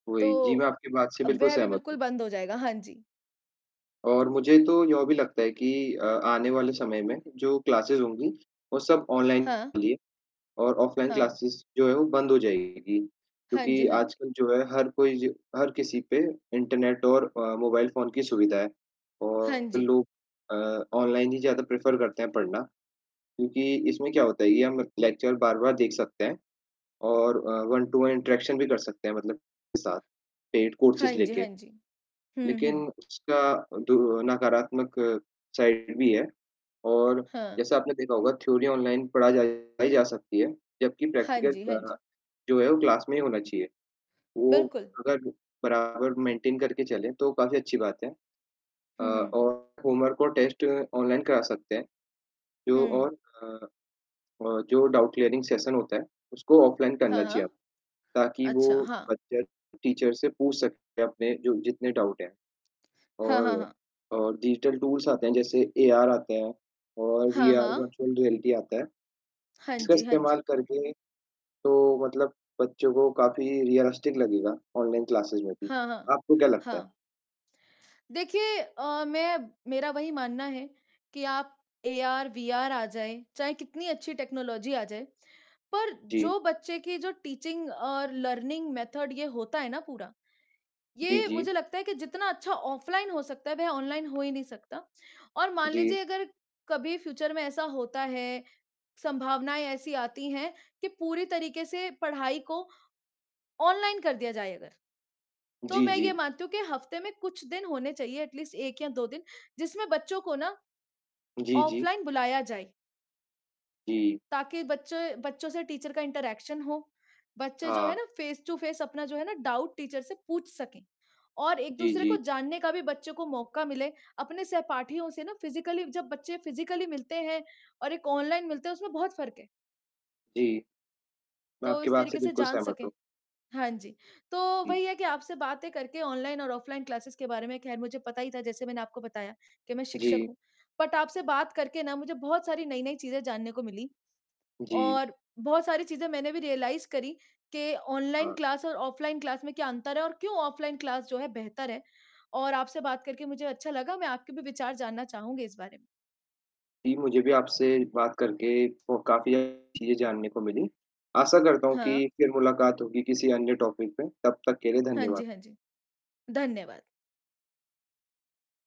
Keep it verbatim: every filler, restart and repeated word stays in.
तो वही, जी, मैं आपकी बात से अ, बिल्कुल वह भी सहमत बिल्कुल हूँ। बंद हो जाएगा, हाँ जी। और मुझे तो यह भी लगता है कि अ, आने वाले समय में, जो क्लासेस होंगी वो सब हाँ। ऑनलाइन और ऑफलाइन हाँ। क्लासेस जो है वो बंद हो जाएगी। हाँ जी, क्योंकि हाँ जी। आजकल जो है हर कोई ज हर किसी पे इंटरनेट और अ, मोबाइल फ़ोन की सुविधा है हाँ और जी। लोग अ, ऑनलाइन ही ज़्यादा प्रेफर करते हैं पढ़ना, क्योंकि इसमें क्या होता है ये हम लेक्चर बार-बार देख सकते हैं और अ, वन टू वन इंटरेक्शन भी कर सकते हैं मतलब साथ पेड कोर्सस हाँ जी, लेके। हाँ जी, हुँ, लेकिन हुँ। उसका दुरर नकारात्मक साइड भी है और हाँ। जैसा आपने देखा होगा थ्योरी ऑनलाइन पढ़ाई जा सकती है, जबकि हाँ प्रैक्टिकल जी, हाँ अ, जी। जो है वो क्लास में ही होना चाहिए। वो, बिल्कुल। अगर बराबर मेंटेन करके चले तो काफ़ी अच्छी बात है अ, हुँ, हुँ। और होमवर्क और टेस्ट ऑनलाइन करा सकते हैं, जो हुँ। और अ, और जो डाउट क्लियरिंग सेशन होते है, उसको ऑफलाइन हाँ, करना चाहिए हाँ, ताकि वो अच्छा, हाँ। बच्चे टीचर से पूछ सके अपने जो जितने डाउट हैं। हाँ, हाँ, और, हाँ। और डिजिटल टूल्स आते हैं जैसे एआर आते हैं और हाँ, वीआर हाँ। वर्चुअल रियलिटी आता है, हाँ इसका जी, हाँ इस्तेमाल जी। करके तो मतलब बच्चों को काफ़ी रियलिस्टिक लगेगा, ऑनलाइन क्लासेज में भी, हाँ, हाँ, आपको क्या लगता है? हाँ। देखिए अ, मैं मेरा वही मानना है, कि आप एआर-वीआर आ जाए, चाहे कितनी अच्छी टेक्नोलॉजी आ जाए, पर जी। जो बच्चे की जो टीचिंग और लर्निंग मेथड ये होता है ना पूरा, जी, ये जी। मुझे लगता है कि जितना अच्छा ऑफलाइन हो सकता है, वह ऑनलाइन हो ही नहीं सकता। और मान जी। लीजिए अगर कभी फ्यूचर में ऐसा होता है, संभावनाएँ ऐसी आती हैं, कि पूरी तरीके से पढ़ाई को ऑनलाइन कर दिया जाए अगर, तो जी, मैं जी। ये मानती हूँ कि हफ्ते में कुछ दिन होने चाहिए एट लीस्ट एक या दो दिन, जिसमें बच्चों को ना, जी, जी। ऑफलाइन बुलाया जाए। जी। ताकि बच्चे बच्चों से टीचर का इंटरेक्शन हो। बच्चे जो है हाँ। ना फेस टू फेस अपना जो है ना डाउट, टीचर से पूछ सके और जी, एक-दूसरे को जी। जानने का भी बच्चों को मौका मिले ,अपने सहपाठियों से ना फिजिकली जब बच्चे फिजिकली मिलते हैं और एक ऑनलाइन मिलते हैं उसमें बहुत फ़र्क है। जी, मैं तो आपकी इस बात से तरीके से बिल्कुल जान सहमत सकें, हूँ। हाँ जी। तो जी। वही है कि आपसे बातें करके ऑनलाइन और ऑफलाइन क्लासेस के बारे में खैर मुझे पता ही था जैसे मैंने आपको बताया, कि मैं शिक्षक जी। हूँ, बट आपसे बात करके ना मुझे बहुत सारी नई-नई चीज़ें जानने को मिली। जी। और बहुत सारी चीज़ें मैंने भी रियलाइज करी, कि ऑनलाइन हाँ। क्लास और ऑफलाइन क्लास में क्या अंतर है और क्यों ऑफलाइन क्लास जो है बेहतर है और आपसे बात करके मुझे अच्छा लगा मैं आपके भी विचार जानना चाहूँगी इस बारे में। जी, मुझे भी आपसे बात करके को काफ़ी चीज़ें जानने को मिली, आशा करता हूँ हाँ। कि फिर मुलाकात होगी किसी अन्य टॉपिक पे, तब तक के लिए हाँ धन्यवाद। जी, हाँ जी, धन्यवाद।